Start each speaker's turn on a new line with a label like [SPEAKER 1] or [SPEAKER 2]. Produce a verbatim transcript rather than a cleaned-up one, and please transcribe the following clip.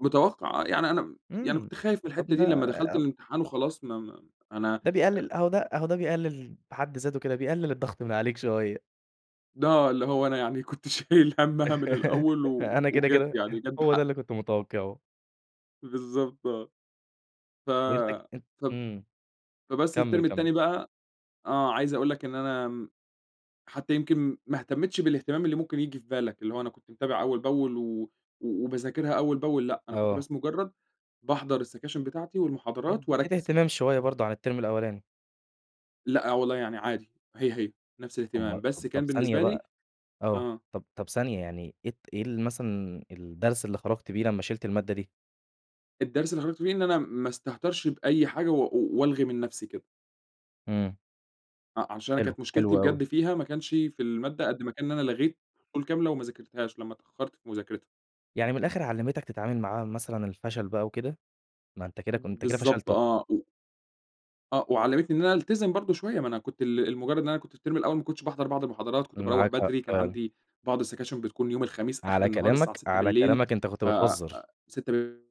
[SPEAKER 1] متوقع آه، يعني أنا يعني
[SPEAKER 2] امم
[SPEAKER 1] كنت خايف من
[SPEAKER 2] طب
[SPEAKER 1] الحتّة دي
[SPEAKER 2] ده
[SPEAKER 1] لمّا دخلت الامتحان وخلاص ما ما أنا
[SPEAKER 2] ده
[SPEAKER 1] آآ
[SPEAKER 2] بيقلل أهو ده أهو ده بيقلل بحد ذاته كده، بيقلل الضغط من عليك شوية.
[SPEAKER 1] ل آه اللي هو أنا يعني كنت شايل همّها من الأول و
[SPEAKER 2] أنا كده
[SPEAKER 1] وجت
[SPEAKER 2] كده،
[SPEAKER 1] يعني جت
[SPEAKER 2] هو ده
[SPEAKER 1] بحق.
[SPEAKER 2] اللي كنت متوقعه.
[SPEAKER 1] بالضبط آه. ف
[SPEAKER 2] وأنت ك
[SPEAKER 1] فب
[SPEAKER 2] امم
[SPEAKER 1] فبس
[SPEAKER 2] كمل،
[SPEAKER 1] الترم
[SPEAKER 2] كمل.
[SPEAKER 1] التاني بقى آه عايز أقول لك إن أنا حتّى يمكن ما اهتمتش بالاهتمام اللي ممكن ييجي في بالك، اللي هو أنا كنت متابع أوّل بأول و وباذاكرها أوّل بأول، لأ أنا كنت
[SPEAKER 2] آه.
[SPEAKER 1] بس مجرد باحضر السكاشن بتاعتي والمحاضرات
[SPEAKER 2] إديت
[SPEAKER 1] وأركز فيها.
[SPEAKER 2] اهتمام شويّه برضه عن الترم الأولاني.
[SPEAKER 1] لأ والله، يعني عادي هي هي نفس
[SPEAKER 2] اُما
[SPEAKER 1] الاهتمام، بس
[SPEAKER 2] طب
[SPEAKER 1] كان
[SPEAKER 2] ثانية
[SPEAKER 1] بالنسبة لي
[SPEAKER 2] بقى آه،
[SPEAKER 1] آه.
[SPEAKER 2] طب طب ثانية يعني إيه ت إيه مثلًا الدرس اللي خرجت بيه لما شِلت المادة دي.
[SPEAKER 1] الدرس اللي خرجت بيه إن أنا ما استهترش بأي حاجة و وألغي من نفسي كده.
[SPEAKER 2] امم.
[SPEAKER 1] ع عشان أنا
[SPEAKER 2] حلو،
[SPEAKER 1] كانت
[SPEAKER 2] حلو
[SPEAKER 1] مشكلتي
[SPEAKER 2] أوي.
[SPEAKER 1] بجد فيها ما كانش في المادة، قد ما كان إن أنا لغيت فصول كاملة وما ذاكرتهاش، لما اتأخرت في مذاكرتها.
[SPEAKER 2] يعني من الآخر علّمتك تتعامل مع مثلًا الفشل بقى وكده؟ ما أنت كده كن أنت كده
[SPEAKER 1] بالضبط
[SPEAKER 2] فشلت.
[SPEAKER 1] آه [unintelligible] آه وعلّمتني إن أنا ألتزم برضه شويّة، ما أنا كنت ل لمجرد إن أنا كنت في الترم الأول ما كنتش باحضر بعض المحاضرات، كنت باروّح
[SPEAKER 2] معاك حق
[SPEAKER 1] بدري، كان
[SPEAKER 2] فعلًا.
[SPEAKER 1] عندي بعض السكاشن بتكون يوم الخميس آخر
[SPEAKER 2] على
[SPEAKER 1] النهار الساعة
[SPEAKER 2] كلامك
[SPEAKER 1] ستة
[SPEAKER 2] على
[SPEAKER 1] بالليل
[SPEAKER 2] كلامك أنت كنت
[SPEAKER 1] ف
[SPEAKER 2] بتهزر.
[SPEAKER 1] ستة ب